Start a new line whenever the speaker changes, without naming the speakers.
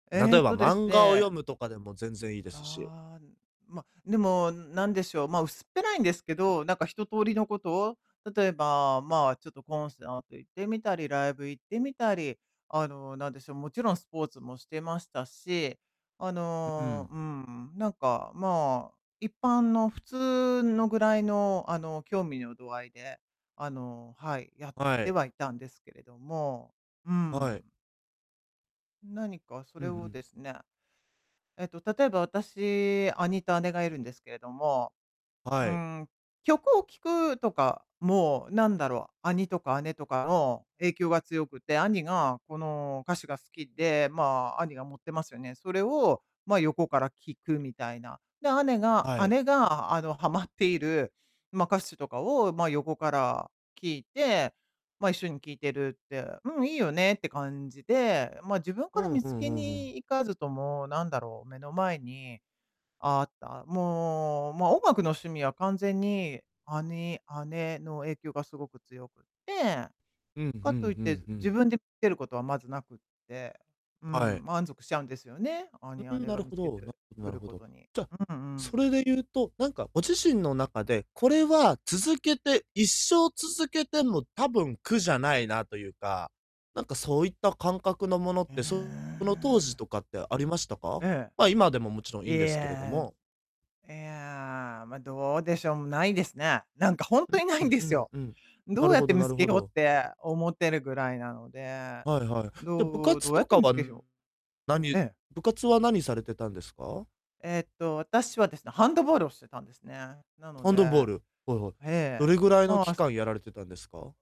え
例え
っ
ば
とです
漫画を
ね
読むとかでも全然いいですし。
ああ、ま、でも、んなんでしょう、まあ、薄っぺらいんですけど、なんか一通りのことを、例えば、まあ、ちょっとコンサート行ってみたり、ライブ行ってみたり、あの、なんでしょう、もちろんスポーツもしてましたし。あ
うう
の、
ん。
うん、なんか、まあ、一般の、普通のぐらいの、あの、興味の度合いで、あの、はい、やっ
は
て
い。
はいたんですけれども、う
はい。
ん。何かそ
う
れ
ん、ふ
をで
ん。
すね、えっと、例えば、私、兄と姉がいるんですけれども、う
はい。
ーん、曲を聴くとかも、なんだろう、兄とか姉とかの影響が強くて、兄がこの歌手が好きで、ま、兄が持ってますよね、それを、ま、横から聴くみたいな。で、姉が
はい。
姉が、あの、はまっている、ま、歌手とかを、ま、横から聴いて、ま、一緒に聴いてるって、うん、いいよねって感じで、ま、自分
う
から
ん、
見
ふ
つ
んふ
け
んふ
に
ん。
行かずとも、なんだろう、目の前にああった。もう、ま、音楽の趣味は完全に、兄、姉の影響がすごく強くって、
うん、ふん
かといっ
ふ
て
んふ
自
ん。
分でつけることはまずなくて、う
は
ん、
い。
満足しちゃうんですよね、
う
兄、
うん、
姉
な
が
る
見
ほ
つけて
ど、なるほど
く
なる
る
ほ
こ
ど。
とに、
じゃ、
うんう
そ
ん。
れでゆうと、なんかご自身の中で、これは続けて一生続けても多分苦じゃないなとゆうか、なんかそういった感覚のものっ
え
て、その当時
え。
とかってありましたか？
え
ま、今でももちろん
え。
い
い
んですけれど
や、
も。
いや、ま、どうでしょう、ん、ないですね。なんかほん
う、
とにないん
ふ、
で
う
す
ん
よ。
うん、な
どう
る
やっ
ほ
て
ど
見
な
つ
る
け
ほ
ようっ
ど。
て思ってるぐらいなので。
はいはい。じゃ、部
どう
活
どや
と
って
か
見つ
は、
けひょう。
な
え
に
え。
部活はなにされてたんですか？
えっと、私はですね、ハンドボールをしてたんですね。なの
ハ
で、
ンドボール、はいはい。
え
ど
え、
れぐらいの
まあ、
期
す
間やられてたんですか？